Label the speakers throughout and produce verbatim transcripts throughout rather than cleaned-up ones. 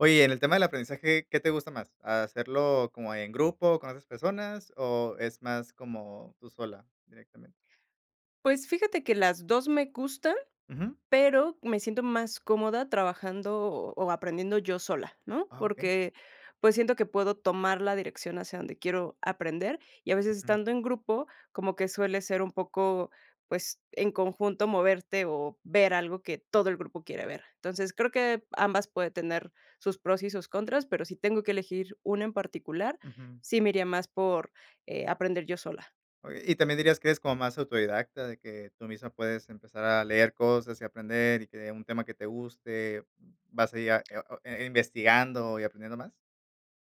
Speaker 1: Oye, en el tema del aprendizaje, ¿qué te gusta más, hacerlo como en grupo, con otras personas, o es más como tú sola directamente?
Speaker 2: Pues fíjate que las dos me gustan,
Speaker 1: Ujú.
Speaker 2: pero me siento más cómoda trabajando o aprendiendo yo sola, ¿no?,
Speaker 1: Ah, okey.
Speaker 2: porque, pues, siento que puedo tomar la dirección hacia donde quiero aprender, y a veces
Speaker 1: Ujú.
Speaker 2: estando en grupo, como que suele ser un poco, pues, en conjunto moverte o ver algo que todo el grupo quiere ver. Entonces, creo que ambas puede tener sus pros y sus contras, pero si tengo que elegir una en particular,
Speaker 1: Ujú.
Speaker 2: sí me iría más por, eh, aprender yo sola.
Speaker 1: Oye, ¿y también dirías que eres como más autodidacta de que tú misma puedes empezar a leer cosas y aprender y que de un tema que te guste vas ahí a eo eh, eh, investigando y aprendiendo más?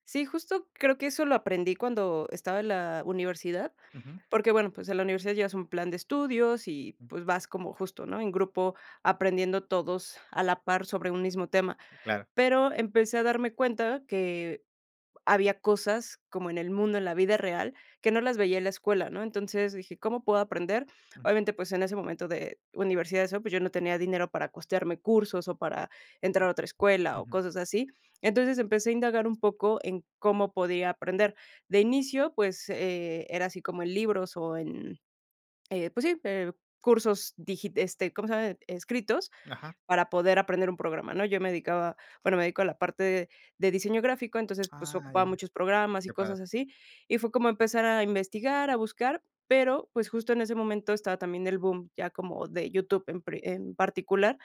Speaker 2: Sí, justo creo que eso lo aprendí cuando estaba en la universidad,
Speaker 1: Ujú.
Speaker 2: porque, bueno, pues en la universidad llevas un plan de estudios y
Speaker 1: Mm.
Speaker 2: pues vas como justo, ¿no?, en grupo aprendiendo todos a la par sobre un mismo tema.
Speaker 1: Sí, claro.
Speaker 2: Pero empecé a darme cuenta que había cosas como en el mundo, en la vida real, que no las veía en la escuela, ¿no?, entonces, dije: "¿Cómo puedo aprender?"
Speaker 1: Ujú.
Speaker 2: Obviamente, pues, en ese momento de universidad y eso, pues yo no tenía dinero para costearme cursos o para entrar a otra escuela o
Speaker 1: Ujú.
Speaker 2: cosas así. Entonces, empecé a indagar un poco en cómo podía aprender. De inicio, pues, eh, era así como en libros o en eh, pues sí, eh, cursos digit este, ¿cómo se llama?, escritos,
Speaker 1: Ajá.
Speaker 2: para poder aprender un programa, ¿no? Yo me dedicaba bueno, me dedico a la parte de diseño gráfico, entonces, pues
Speaker 1: Ah,
Speaker 2: ocupaba
Speaker 1: ya.
Speaker 2: muchos programas y
Speaker 1: Qué padre.
Speaker 2: cosas así, y fue como empezar a investigar, a buscar, pero, pues justo en ese momento estaba también el boom, ya como de YouTube en pre en particular.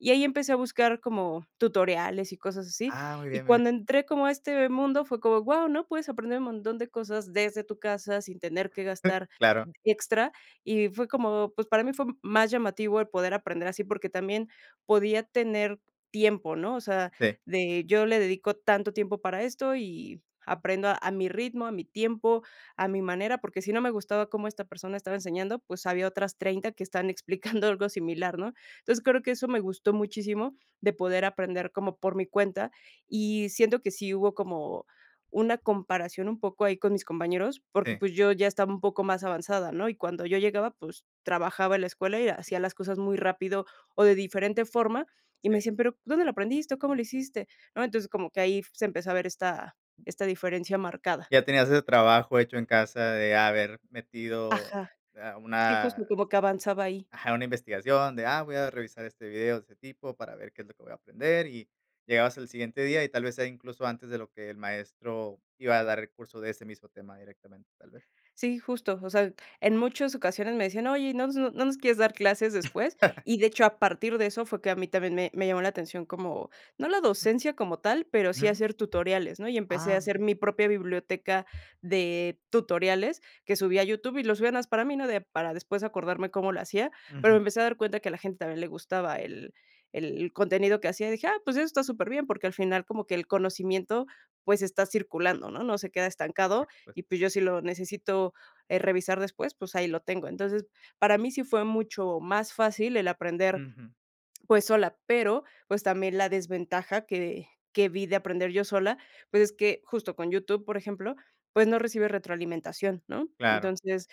Speaker 2: Y ahí empecé a buscar como tutoriales y cosas así,
Speaker 1: Ah, muy
Speaker 2: y
Speaker 1: bien, muy bie
Speaker 2: cuando entré como a este mundo, fue como: "Guau", ¿no?, puedes aprender un montón de cosas desde tu casa sin tener que gastar
Speaker 1: Claro.
Speaker 2: extra, y fue como, pues, para mí fue más llamativo el poder aprender así, porque también podía tener tiempo, ¿no?, o sea,
Speaker 1: Sí.
Speaker 2: de: "Yo le dedico tanto tiempo para esto y aprendo a mi ritmo, a mi tiempo, a mi manera", porque si no me gustaba cómo esta persona estaba enseñando, pues, había otras treinta que estaban explicando algo similar, ¿no?, entonces, creo que eso me gustó muchísimo, de poder aprender como por mi cuenta, y siento que sí hubo como una comparación un poco ahí con mis compañeros, porque,
Speaker 1: Sí.
Speaker 2: pues, yo ya estaba un poco más avanzada, ¿no?, y cuando yo llegaba, pues, trabajaba en la escuela y hacía las cosas muy rápido o de diferente forma, y me
Speaker 1: Sí.
Speaker 2: decían: "Pero, ¿dónde lo aprendiste?", o "¿cómo lo hiciste?", ¿no?, entonces, como que ahí se empezó a ver esta esta diferencia marcada.
Speaker 1: Ya tenías ese trabajo hecho en casa de haber metido
Speaker 2: Ajá.
Speaker 1: a
Speaker 2: Sí,
Speaker 1: una
Speaker 2: justo como que avanzaba ahí.
Speaker 1: Ajá, una investigación de: "Ah, voy a revisar este video, ese tipo, para ver qué es lo que voy a aprender", y llegabas el siguiente día, y tal vez sea incluso antes de lo que el maestro iba a dar el curso de ese mismo tema directamente, tal vez.
Speaker 2: Sí, justo, o sea, en muchas ocasiones me decían: "Oye, ¿y no s no nos quieres dar clases después?" Y, de hecho, a partir de eso fue que a mí también me me llamó la atención como, no la docencia como tal, pero sí
Speaker 1: Ujú.
Speaker 2: hacer tutoriales, ¿no?, y empecé a
Speaker 1: Ah, muy
Speaker 2: hacer
Speaker 1: bien.
Speaker 2: mi propia biblioteca de tutoriales que subí a YouTube y lo subía nada más para mí, ¿no?, de para después acordarme cómo lo hacía, pero me
Speaker 1: Ujú.
Speaker 2: empecé a dar cuenta que a la gente también le gustaba el el contenido que hacía, dije: "Ah, pues eso está súper bien", porque al final como que el conocimiento, pues, está circulando, ¿no?, no se queda estancado,
Speaker 1: Por supuest
Speaker 2: y pues yo si lo necesito, eh, revisar después, pues, ahí lo tengo, entonces, para mí sí fue mucho más fácil el aprender,
Speaker 1: Ujú.
Speaker 2: pues, sola, pero, pues, también la desventaja que que vi de aprender yo sola, pues, es que justo con YouTube, por ejemplo, pues, no recibes retroalimentación, ¿no?,
Speaker 1: Claro.
Speaker 2: entonces,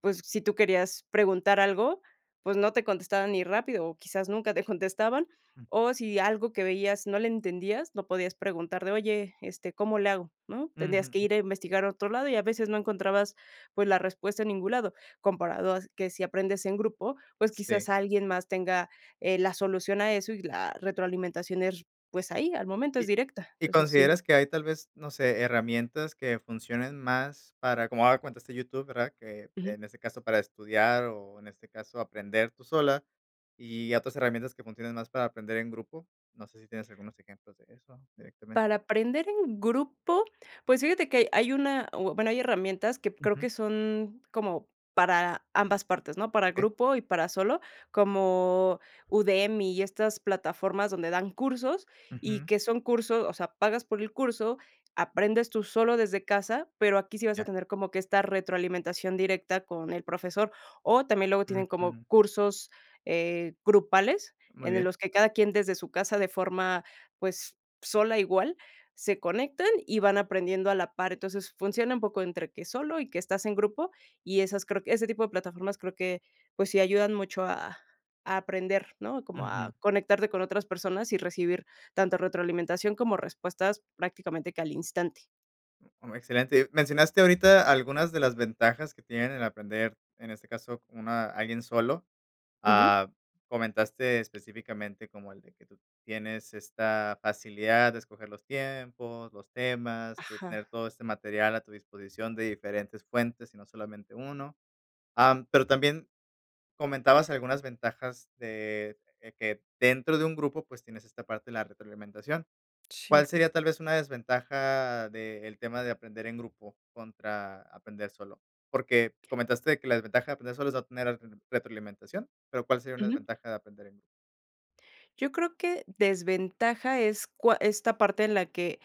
Speaker 2: pues, si tú querías preguntar algo, pues no te contestaban ni rápido o quizás nunca te contestaban, o, si algo que veías no le entendías, no podías preguntar de: "Oye, este, ¿cómo le hago?", ¿no?, tendrías
Speaker 1: Ujú.
Speaker 2: que ir a investigar a otro lado y a veces no encontrabas, pues, la respuesta en ningún lado, comparado a que si aprendes en grupo pues
Speaker 1: Sí.
Speaker 2: quizás alguien más tenga, eh, la solución a eso y la retroalimentación es, pues ahí al momento, es
Speaker 1: ¿Y
Speaker 2: directa,
Speaker 1: Y
Speaker 2: entonces sí.
Speaker 1: consideras que hay tal vez no sé, herramientas que funcionen más para como has de cuenta, este YouTube, ¿verdad? Que
Speaker 2: Ujú.
Speaker 1: en este caso, para estudiar, o en este caso aprender tú sola, y otras herramientas que funcionen más para aprender en grupo. No sé si tienes algunos ejemplos de eso directamen
Speaker 2: Para aprender en grupo, pues fíjate que ha hay una o bueno, hay herramientas que creo
Speaker 1: Ujú.
Speaker 2: que son como para ambas partes, ¿no?, para
Speaker 1: Okey.
Speaker 2: grupo y para solo, como Udemy y estas plataformas donde dan cursos, y
Speaker 1: Ujú.
Speaker 2: que son curso o sea, pagas por el curso, aprendes tú solo desde casa, pero aquí sí vas
Speaker 1: Ya.
Speaker 2: a tener como que esta retroalimentación directa con el profesor, o también luego tienen como
Speaker 1: Ujú.
Speaker 2: cursos, eh, grupales,
Speaker 1: Muy
Speaker 2: en el
Speaker 1: bien.
Speaker 2: los que cada quien desde su casa de forma, pues, sola igual, se conectan y van aprendiendo a la par, entonces, funciona un poco entre que solo y que estás en grupo, y esas creo que ese tipo de plataformas creo que, pues, sí ayudan mucho a a aprender, ¿no?, como a
Speaker 1: Ujú.
Speaker 2: conectarte con otras personas y recibir tanto retroalimentación como respuestas prácticamente que al instante.
Speaker 1: Mm, excelente, mencionaste ahorita algunas de las ventajas que tienen el aprender, en este caso, con una, alguien solo,
Speaker 2: Ujú.
Speaker 1: ah, comentaste específicamente como el de que tú tienes esta facilidad de escoger los tiempos, los temas, de tener
Speaker 2: Ajá.
Speaker 1: todo este material a tu disposición de diferentes fuentes y no solamente uno, ah, mm, pero también comentabas algunas ventajas de, eh, que dentro de un grupo, pues, tienes esta parte de la retroalimentación, ¿cuál
Speaker 2: Sí.
Speaker 1: sería tal vez una desventaja de el tema de aprender en grupo, contra aprender solo? Porque comentaste de que la desventaja de aprender solo es no obtener retroalimentación, pero, ¿cuál sería una
Speaker 2: Ujú.
Speaker 1: desventaja de aprender en grupo?
Speaker 2: Yo creo que desventaja es cua esta parte en la que,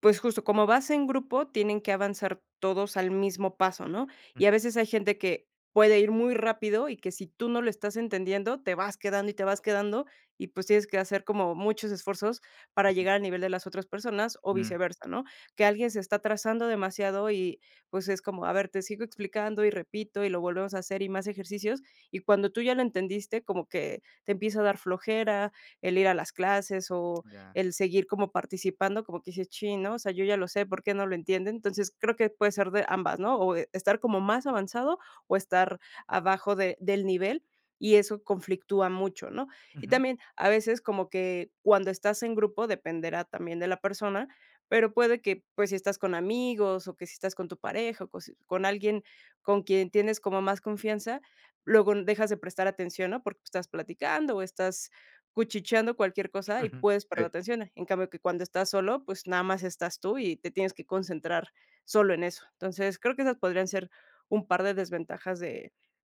Speaker 2: pues, justo, como vas en grupo, tienen que avanzar todos al mismo paso, ¿no?,
Speaker 1: Ujú.
Speaker 2: y a veces hay gente que puede ir muy rápido, y que si tú no lo estás entendiendo, te vas quedando y te vas quedando, y pues, tienes que hacer como muchos esfuerzos para
Speaker 1: Ujú.
Speaker 2: llegar al nivel de las otras personas, o
Speaker 1: Mm.
Speaker 2: viceversa, ¿no?, que alguien se está atrasando demasiado, y pues, es como: "A ver, te sigo explicando y repito, y lo volvemos a hacer, y más ejercicios", y cuando tú ya lo entendiste, como que te empieza a dar flojera el ir a las clases, o
Speaker 1: Ya.
Speaker 2: el seguir como participando, como que dices: "Chin, ¿no?, osea, yo ya lo sé, ¿por qué no lo entienden?", entonces, creo que puede ser de ambas, ¿no?, o de estar como más avanzado, o estar abajo de del nivel, y eso conflictúa mucho, ¿no?, y
Speaker 1: Ujú.
Speaker 2: también, a veces, como que cuando estás en grupo dependerá también de la persona, pero puede que, pues, si estás con amigos o que si estás con tu pareja o cos con alguien con quien tienes como más confianza, luego n dejas de prestar atención, ¿no?, porque estás platicando o estás cuchicheando cualquier cosa, y
Speaker 1: Ujú,
Speaker 2: puedes
Speaker 1: sí.
Speaker 2: perder atención, en cambio que cuando estás solo, pues, nada más estás tú y te tienes que concentrar solo en eso, entonces, creo que esas podrían ser un par de desventajas de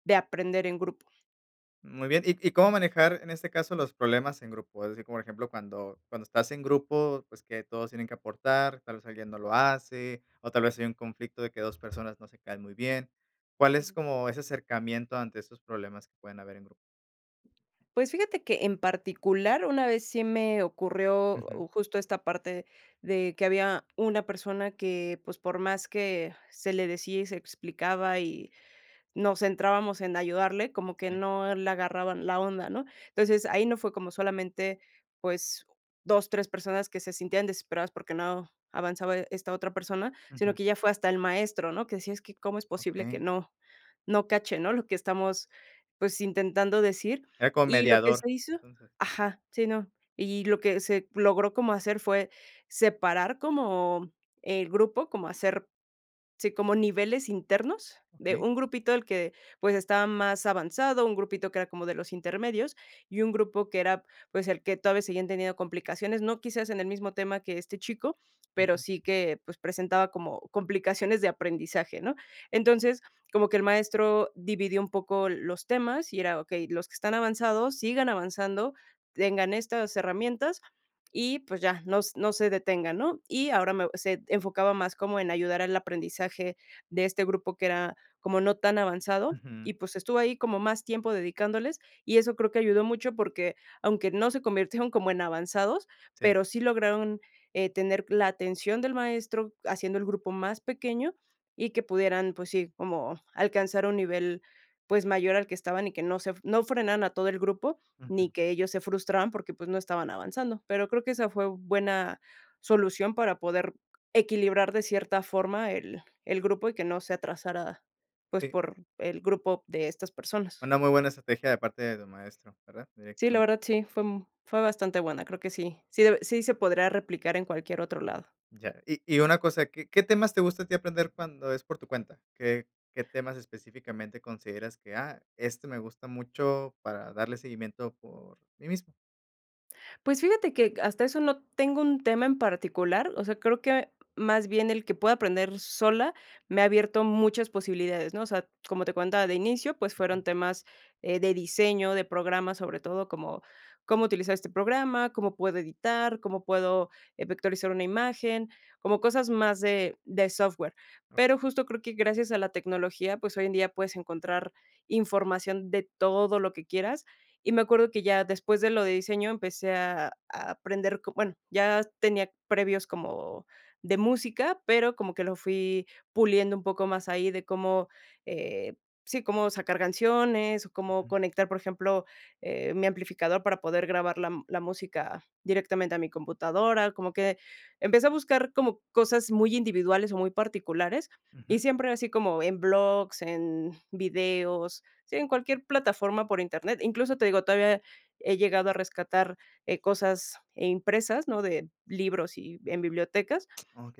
Speaker 2: de aprender en grupo.
Speaker 1: Muy bien, ¿y y cómo manejar, en este caso, los problemas en grupo? Es decir, por ejemplo, cuando cuando estás en grupo, pues, que todos tienen que aportar, tal vez alguien no lo hace, o tal vez hay un conflicto de que dos personas no se caen muy bien, ¿cuál es
Speaker 2: Ujú.
Speaker 1: como ese acercamiento ante esos problemas que pueden haber en grupo?
Speaker 2: Pues, fíjate que en particular una vez sí me ocurrió,
Speaker 1: Ujú.
Speaker 2: uh, justo, esta parte de que había una persona que, pues, por más que se le decía y se explicaba y nos centrábamos en ayudarle, como que
Speaker 1: Sí.
Speaker 2: no le agarraba la onda, ¿no? Entonces, ahí no fue como solamente, pues, dos, tres personas, que se sintieran desesperadas, porque no avanzaba esta otra persona, sino
Speaker 1: Ujú.
Speaker 2: que ya fue hasta el maestro, ¿no? Que decía: "Es que, cómo es posible que
Speaker 1: Okey.
Speaker 2: no no cache, ¿no?, lo que estamos, pues, intentando decir".
Speaker 1: Eh, como
Speaker 2: Y lo que
Speaker 1: mediador,
Speaker 2: se hizo
Speaker 1: entonces.
Speaker 2: ajá, sí, no. Y lo que se logró como hacer fue separar como el grupo, como hacer sí, como niveles internos, de
Speaker 1: Okey.
Speaker 2: un grupito el que, pues, estaba más avanzado, un grupito que era como de los intermedios, y un grupo que era, pues, el que todavía seguían teniendo complicaciones, no quizás en el mismo tema que este chico, pero
Speaker 1: Ujú.
Speaker 2: sí que, pues, presentaba como complicaciones de aprendizaje, ¿no? Entonces, como que el maestro dividió un poco los temas y era: "Okey, los que están avanzados, sigan avanzando, tengan estas herramientas y, pues, ya, nos no se detengan, ¿no?" Y ahora me se enfocaba más como en ayudar al aprendizaje de este grupo, que era como no tan avanzado
Speaker 1: Ujú.
Speaker 2: y, pues, estuvo ahí como más tiempo dedicándoles, y eso creo que ayudó mucho, porque aunque no se convirtieron como en avanzados,
Speaker 1: Sí.
Speaker 2: pero sí lograron, eh, tener la atención del maestro haciendo el grupo más pequeño y que pudieran, pues, sí, como alcanzar un nivel, pues, mayor al que estaban y que no se f no frenaran a todo el grupo,
Speaker 1: Ujú.
Speaker 2: ni que ellos se frustraran porque, pues, no estaban avanzando. Pero creo que esa fue buena solución para poder equilibrar, de cierta forma, el el grupo y que no se atrasara, pues,
Speaker 1: Sí.
Speaker 2: por el grupo de estas personas.
Speaker 1: Una muy buena estrategia de parte de tu maestro, ¿verdad?,
Speaker 2: Sí, la
Speaker 1: directamente.
Speaker 2: verdad sí, fue, mm, fue bastante buena, creo que sí, sí deb sí se podría replicar en cualquier otro lado.
Speaker 1: Ya. Y y una cosa, ¿qué qué temas te gusta a ti aprender cuando es por tu cuenta? ¿Qué qué temas, específicamente, consideras que: "Ah, este me gusta mucho para darle seguimiento por mí mismo"?
Speaker 2: Pues, fíjate que, hasta eso, no tengo un tema en particular, o sea, creo que más bien, el que pueda aprender sola, me ha abierto muchas posibilidades, ¿no?, o sea, como te contaba, de inicio, pues,
Speaker 1: Ujú.
Speaker 2: fueron temas, eh, de diseño, de programas, sobre todo, como, ¿cómo utilizar este programa, cómo puedo editar, cómo puedo, eh, vectorizar una imagen?, como cosas más de de software.
Speaker 1: Okey.
Speaker 2: Pero justo, creo que gracias a la tecnología, pues, hoy en día, puedes encontrar información de todo lo que quieras. Y me acuerdo, que ya después de lo de diseño, empecé a a aprender, bueno, ya tenía previos como de música, pero, como que lo fui puliendo un poco más ahí, de cómo, eh, sí, cómo sacar canciones, o cómo
Speaker 1: Ujú.
Speaker 2: conectar, por ejemplo, eh, mi amplificador, para poder grabar la m la música directamente a mi computadora, como que empecé a buscar como cosas muy individuales, o muy particulares,
Speaker 1: Ujú.
Speaker 2: y siempre así como en blogs, en videos, sí, en cualquier plataforma por Internet. Incluso, te digo, todavía he llegado a rescatar, eh, cosas, eh, impresas, ¿no?, de libros y en bibliotecas.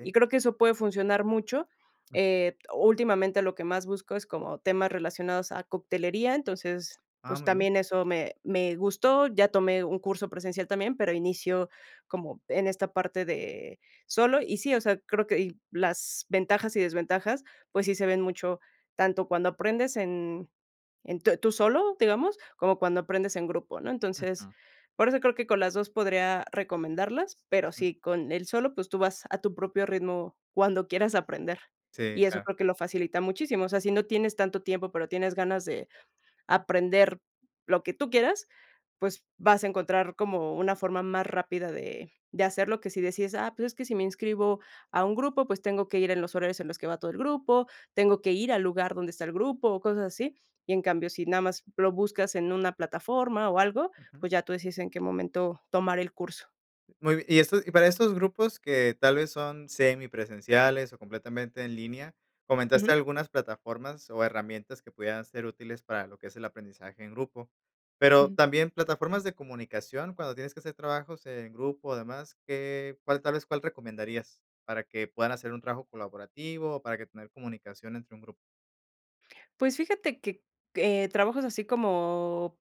Speaker 2: Y creo que eso puede funcionar mucho,
Speaker 1: Mm.
Speaker 2: eh, últimamente, lo que más busco es como temas relacionados a coctelería. Entonces,
Speaker 1: Ah,
Speaker 2: pues,
Speaker 1: muy bien.
Speaker 2: también eso me me gustó. Ya tomé un curso presencial también, pero inicio como en esta parte de solo, y sí, o sea, creo que y las ventajas, y desventajas, pues, sí se ven mucho, tanto cuando aprendes, en en tú tú solo, digamos, como cuando aprendes en grupo, ¿no? Entonces,
Speaker 1: Ajá.
Speaker 2: por eso creo que con las dos podría recomendarlas, pero
Speaker 1: Ujú.
Speaker 2: sí, con el solo, pues, tú vas a tu propio ritmo, cuando quieras aprender,
Speaker 1: Sí,
Speaker 2: y eso
Speaker 1: claro.
Speaker 2: creo que lo facilita muchísimo, o sea, si no tienes tanto tiempo, pero tienes ganas de aprender, lo que tú quieras, pues, vas a encontrar como una forma más rápida de de hacerlo, que si decides: "Ah, pues, es que si me inscribo a un grupo, pues, tengo que ir en los horarios en los que va todo el grupo, tengo que ir al lugar donde está el grupo", o cosas así. Y en cambio, si nada más lo buscas en una plataforma, o algo,
Speaker 1: Ujú.
Speaker 2: pues, ya tú decides en qué momento tomar el curso.
Speaker 1: Muy y esto y para estos grupos que tal vez son semipresenciales o completamente en línea, comentaste
Speaker 2: Ujú.
Speaker 1: algunas plataformas o herramientas que pudieran ser útiles para lo que es el aprendizaje en grupo. Pero,
Speaker 2: Ujú.
Speaker 1: también plataformas de comunicación cuando tienes que hacer trabajos en grupo o demás, ¿qué cuál, tal vez, cuál recomendarías para que puedan hacer un trabajo colaborativo o para que tener comunicación entre un grupo?
Speaker 2: Pues, fíjate que, eh, trabajos así como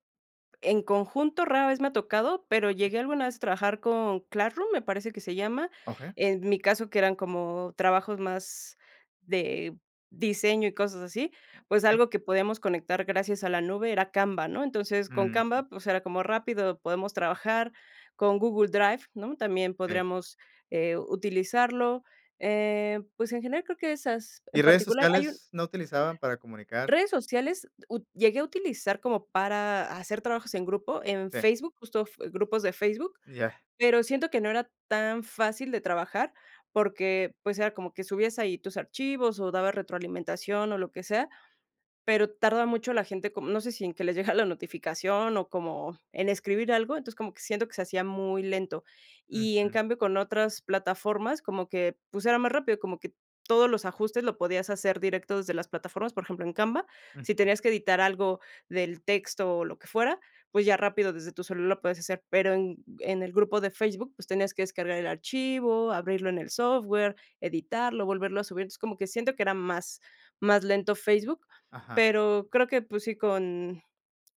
Speaker 2: en conjunto, rara vez me ha tocado, pero
Speaker 1: Okey.
Speaker 2: llegué alguna vez a trabajar con Classroom, me parece que se llama.
Speaker 1: Okey.
Speaker 2: En mi caso, que eran como trabajos más de diseño y cosas así, pues,
Speaker 1: Okey.
Speaker 2: algo que podíamos conectar gracias a la nube era Canva, ¿no? Entonces, con
Speaker 1: Ujú.
Speaker 2: Canva, pues era como rápido, podemos trabajar con Google Drive, ¿no?, también
Speaker 1: Sí.
Speaker 2: podríamos, eh, utilizarlo. Eh, pues, en general creo que esas,
Speaker 1: ¿Y
Speaker 2: en
Speaker 1: redes
Speaker 2: particular, hay un
Speaker 1: sociales? No utilizaban para comunicar
Speaker 2: Redes sociales, ut llegué a utilizar como para hacer trabajos en grupo, en
Speaker 1: Sí.
Speaker 2: Facebook, justo f grupos de Facebook,
Speaker 1: Ya.
Speaker 2: pero siento que no era tan fácil de trabajar, porque, pues, era como que subías ahí tus archivos o dabas retroalimentación o lo que sea, pero tarda mucho la gente como, no sé si en que les llega la notificación o como en escribir algo, entonces como que siento que se hacía muy lento. Y en
Speaker 1: Ujú.
Speaker 2: cambio con otras plataformas, como que, pues, era más rápido, como que todos los ajustes lo podías hacer directo desde las plataformas, por ejemplo, en Canva, si
Speaker 1: Ujú.
Speaker 2: tenías que editar algo del texto o lo que fuera, pues ya rápido desde tu celular lo puedes hacer. Pero en en el grupo de Facebook, pues tenías que descargar el archivo, abrirlo en el software, editarlo, volverlo a subir. Entonces, como que siento que era más más lento Facebook,
Speaker 1: Ajá.
Speaker 2: pero creo que, pues, sí, con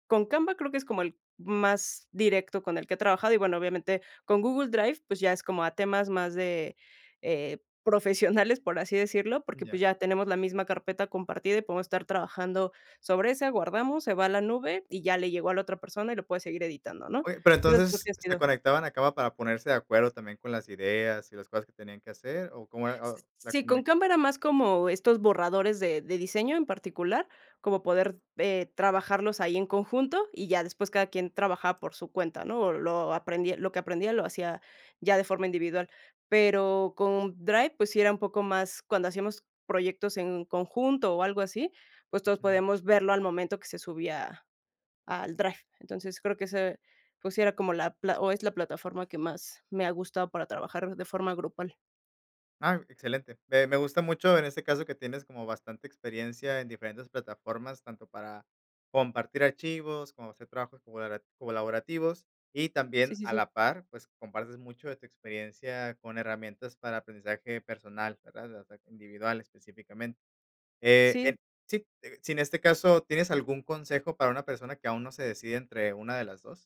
Speaker 2: con Canva creo que es como el más directo con el que he trabajado. Y bueno, obviamente con Google Drive, pues, ya es como a temas más de, eh, profesionales, por así decirlo, porque, pues,
Speaker 1: Ya.
Speaker 2: ya tenemos la misma carpeta compartida y podemos estar trabajando sobre ese, guardamos, se va a la nube, y ya le llegó a la otra persona y lo puede seguir editando, ¿no?
Speaker 1: Oye, pero,
Speaker 2: Esas creo
Speaker 1: entonces,
Speaker 2: que han
Speaker 1: ¿se
Speaker 2: sido
Speaker 1: conectaban a Canva para ponerse de acuerdo también con las ideas y las cosas que tenían que hacer o cómo era
Speaker 2: S
Speaker 1: o la
Speaker 2: sí, con
Speaker 1: comunic
Speaker 2: Canva era más como estos borradores de de diseño en particular, como poder, eh, trabajarlos ahí en conjunto y ya después cada quien trabajaba por su cuenta, ¿no?, o lo aprendi lo que aprendía lo hacía ya de forma individual. Pero con Drive, pues sí era un poco más cuando hacíamos proyectos en conjunto o algo así, pues, todos
Speaker 1: Ujú.
Speaker 2: podíamos verlo al momento que se subía al drive. Entonces, creo que ese, pues, sí era como la pla o es la plataforma que más me ha gustado para trabajar de forma grupal.
Speaker 1: Ah, excelente. Me me gusta mucho, en este caso, que tienes como bastante experiencia en diferentes plataformas, tanto para compartir archivos, como hacer trabajos colabora colaborativos, y
Speaker 2: Sí,
Speaker 1: también
Speaker 2: sí,
Speaker 1: a
Speaker 2: sí.
Speaker 1: la par, pues, compartes mucho de tu experiencia con herramientas para aprendizaje personal, ¿verdad?, o sea, [unintelligible] individual específicamente. Eh,
Speaker 2: Sí.
Speaker 1: en sí, sí, en este caso, ¿tienes algún consejo para una persona que aún no se decide entre una de las dos?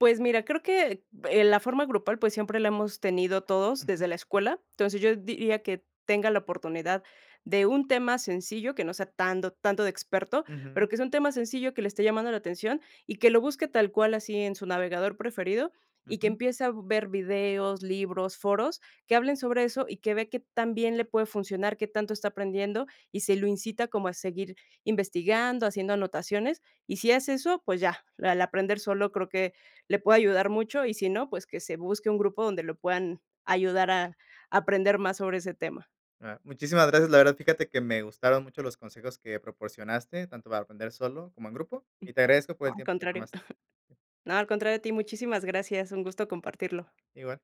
Speaker 2: Pues mira, creo que, eh, la forma grupal, pues, siempre la hemos tenido todos
Speaker 1: Ujú.
Speaker 2: desde la escuela. Entonces, yo diría que tenga la oportunidad de un tema sencillo, que no sea tando tanto de experto, pero
Speaker 1: Ujú.
Speaker 2: que sea un tema sencillo que le esté llamando la atención, y que lo busque tal cual así en su navegador preferido, y que
Speaker 1: Ujú.
Speaker 2: empiece a ver videos, libros, foros, que hablen sobre eso, y que vea qué tan bien le puede funcionar, qué tanto está aprendiendo, y si lo incita como a seguir investigando, haciendo anotaciones. Y si hace eso, pues ya, la la aprender solo creo que le puede ayudar mucho, y si no, pues, que se busque un grupo donde lo puedan ayudar a aprender más sobre ese tema.
Speaker 1: Claro. Muchísimas gracias. La verdad, fíjate que me gustaron mucho los consejos que proporcionaste, tanto para aprender solo como en grupo,
Speaker 2: Mm,
Speaker 1: y te agradezco por
Speaker 2: no,
Speaker 1: el
Speaker 2: al
Speaker 1: tiempo que
Speaker 2: contrario.
Speaker 1: tomaste.
Speaker 2: No, al contrario a ti, muchísimas gracias, un gusto compartirlo.
Speaker 1: Igual.